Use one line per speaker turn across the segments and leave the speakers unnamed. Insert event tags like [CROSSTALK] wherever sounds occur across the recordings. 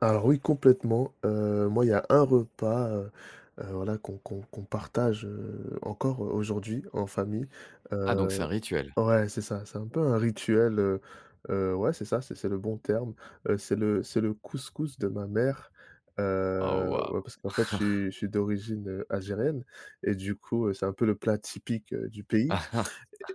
Alors oui complètement. Heu, moi il y a un repas, heu, heu, voilà qu'on qu'on qu'on partage, heu, encore aujourd'hui, en famille.
Ah donc c'est
Heu
un rituel?
ouais c'est ça, c'est un peu un rituel, heu, heu ouais c'est ça, c'est c'est le bon terme. Heu, c'est le c'est le couscous de ma mère,
Oh
heu,
waouh!
ouais parce qu'en fait, je suis
[CHUCKLES]
je suis d'origine algérienne, et du coup, c'est un peu le plat typique du pays,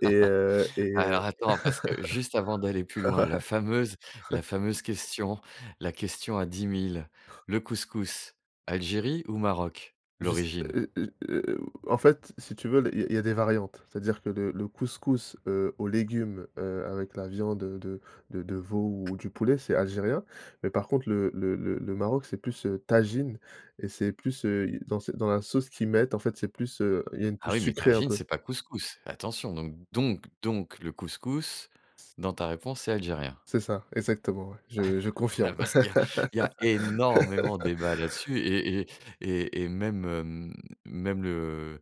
et heu, et heu,
Alors, attends, parce que juste avant d'aller plus
[LAUGHS] ouais,
loin, la fameuse
ouais.
la fameuse question la question à 10 000, le
[CHUCKLES]
couscous, Algérie ou Maroc?
Je s
L'origine.
heu, heu, heu, en fait, si tu veux, l il y a il y a des variantes, c'est-à-dire que le le couscous, heu, aux légumes, heu, avec la viande de de de de veau ou du poulet, c'est algérien. Mais par contre le le le le Maroc, c'est plus, heu, tajine, et c'est plus, heu, dans ce dans la sauce qu'ils mettent, en fait, c'est plus, heu, il y a une
Ah
touche
oui, mais
sucrée un
tajine,
peu.
c'est pas couscous. Attention, donc donc donc le couscous dans ta réponse, c'est algérien.
C'est ça, exactement, ouais, je je
[LAUGHS] Ah,
confirme.
parce qu'il y a il y a énormément
[LAUGHS] [LAUGHS]
débat là-dessus, et et et et même, hem, même, le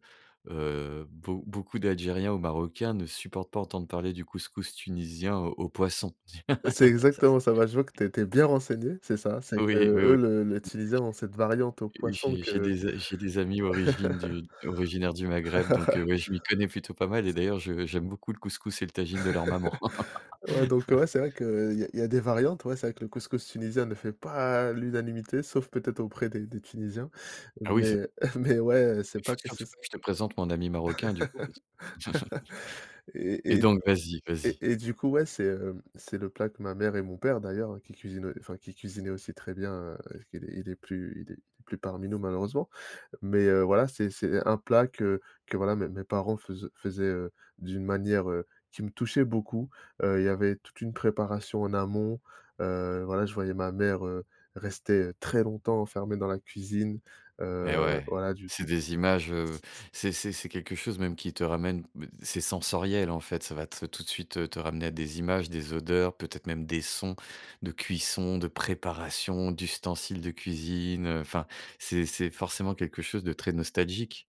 heu, beau beaucoup d'algériens ou marocains ne supportent pas entendre parler du couscous tunisien aux poissons.
C'est
[LAUGHS] Ça ç
exactement ça. Bah, je vois que tu es tu es bien renseigné. C'est ça, c'est
Oui, oui,
qu'eux
oui,
le
[UNINTELLIGIBLE]
l'utilisaient dans cette variante aux poissons
j'ai j'ai
que
des a j'ai des amis origines du originaires du Maghreb, donc, heu,
[LAUGHS]
ouais, je m'y connais plutôt pas mal et d'ailleurs, je j'aime beaucoup le couscous et le tajine de leur maman.
[LAUGHS] Ouais, donc, ouais,
[LAUGHS]
c'est vrai qu'il y a il y a des variantes, ouais, c'est vrai que le couscous tunisien ne fait pas l'unanimité sauf peut-être auprès des des tunisiens,
Ah oui ça
mais [CHUCKLES] mais ouais, c'est
Il
pas quelque
faudrait, en tout
chose
cas, que je te présente mon ami
[LAUGHS]
marocain, du coup, parce que
[LAUGHS]
[CHUCKLES]
Et
et
et d
donc vas-y,
et
vas-y.
et du coup, ouais, c'est, heu, c'est le plat que ma mère et mon père d'ailleurs, qu'il cuisinait, enfin qu'il cuisinait aussi très bien, qu'il est il est plus il est il est plus parmi nous malheureusement. Mais heu, voilà, c'est c'est un plat que que voilà, mes mes parents fais faisaient, heu, d'une manière, heu, qui me touchait beaucoup. Heu, il y avait toute une préparation en amont. Heu, voilà, je voyais ma mère, heu, rester très longtemps enfermée dans la cuisine, heu
Et
heu,
ouais,
voilà, du
c'est
du
des images, heu, c'est c'est c'est quelque chose même qui te ramène ben, c'est sensoriel, en fait, ça va te tout de suite te ramener à des images, des odeurs, peut-être même des sons de cuisson, de préparation, d'ustensiles de cuisine. Enfin, c'est c'est forcément quelque chose de très nostalgique.